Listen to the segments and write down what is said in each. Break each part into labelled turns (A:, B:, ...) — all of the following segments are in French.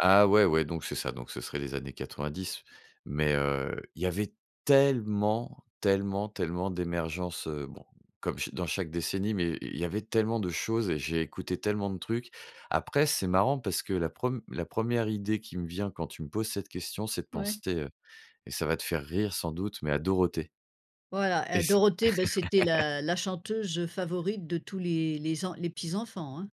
A: Ah ouais, ouais, donc c'est ça. Donc ce serait les années 90. Mais, heu, il y avait tellement, tellement, tellement d'émergences, heu- bon, comme cha dans chaque décennie- mais i il y avait tellement de choses et j'ai écouté tellement de trucs. Après, c'est marrant parce que la preme la 1e idée qui me vient quand tu me poses cette question, c'est de
B: Ouais.
A: penser, heu- et ça va te faire rire sans doute- mais à Dorothée.
B: Voilà,
A: Et
B: heu,
A: si
B: Dorothée, bah c'était la la chanteuse favorite de tous les les en les petits enfants, hein.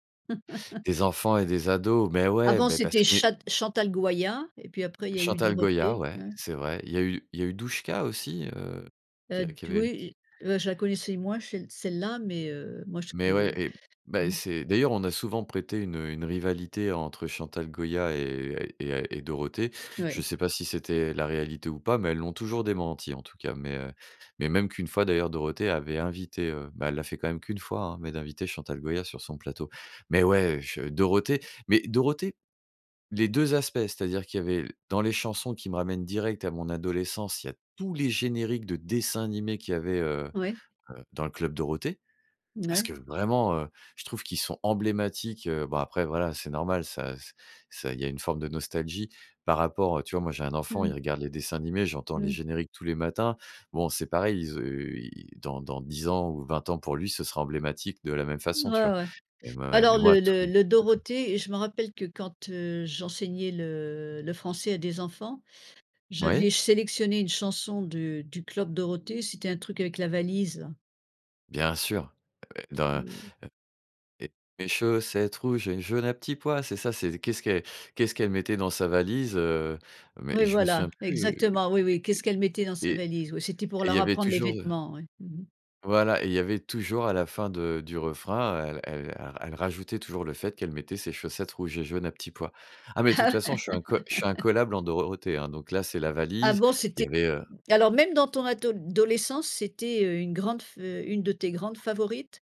A: Des enfants et des ados, mais, ouais,
B: Avant,
A: beh parce
B: c'était
A: que, mais
B: chat Chantal Goyat et puis après il y a eu
A: Chantal Goya,
B: Dorothée,
A: ouais,
B: hein.
A: c'est vrai. Il y a eu il y a eu Douchka aussi, heu, qui
B: Heu,
A: a qui
B: d oui,
A: avait qui
B: j et bah je la connaissais moins, chelle celle-là, mais, heu, moi je
A: Mais ouais
B: peux
A: et bah,
B: mmh.
A: c'est d'ailleurs, on a souvent prêté une, heu, une rivalité entre Chantal Goya et et heu et Dorothée.
B: Ouais.
A: Je sais pas si c'était la réalité ou pas, mais elles l'ont toujours démenti, en tout cas. Mais, heu, mais même qu'une fois, d'ailleurs, Dorothée avait invité, heu- bah, elle l'a fait quand même qu'une fois, hein- mais d'inviter Chantal Goya sur son plateau. Mais ouais, je Dorothée mais Dorothée, les 2 aspects, c'est-à-dire qu'il y avait dans les chansons qui me ramènent direct à mon adolescence, il y a tous les génériques de dessins animés qu'il y avait, heu
B: Ouais.
A: heu, dans le Club Dorothée. Parce
B: Mouais.
A: que vraiment, heu, je trouve qu'ils sont emblématiques, heu- bon après, voilà, c'est normal, ça ç ça il y a une forme de nostalgie par rapport à tu vois, moi, j'ai un
B: Mmh
A: enfant, il
B: mh.
A: regarde les dessins animés, j'entends
B: Mmh
A: les
B: mh.
A: génériques tous les matins. Bon, c'est pareil, il zeu il dans dans 10 ans ou 20 ans, pour lui, ce sera emblématique de la même
B: Ouais,
A: façon, tu vois?
B: ouais.
A: Mais m
B: Bah
A: ouais
B: alors
A: mais moi,
B: le
A: tout
B: le le
A: c'est ça.
B: Dorothée je me rappelle que quand heu, j'enseignais le le français à des enfants,
A: Oui.
B: j'avais sélectionné une chanson du du Club Dorothée. C'était un truc avec la valise, là.
A: Bien sûr. Ah ouais, dans, heu
B: Mmh.
A: et chaussette rouge et une jaune à petits pois, c'est ça? C'est qu'est-ce qu qu'est-ce qu'elle mettait dans sa valise, heu mais
B: Oui
A: je me
B: voilà,
A: souviens plus
B: exactement, oui, oui. Qu'est-ce qu'elle mettait dans
A: et
B: sa
A: et et
B: valise? Oui, c'était pour
A: et il y
B: leur
A: avait
B: apprendre les
A: toujours heu
B: vêtements, ouais. Mmh mh.
A: Voilà, et il y avait toujours à la fin de du refrain, heu, elle ra elle rajoutait toujours le fait qu'elle mettait ses chaussettes rouges et jaunes à petits pois. Ah, mais de toute façon, je suis incolle je suis incollable en Dorothée, hein, donc là, c'est la
B: Ah
A: valise.
B: bon? C'était
A: Il y avait, heu
B: alors même dans ton adol dolescence, c'était heu une grande fe une de tes grandes favorites?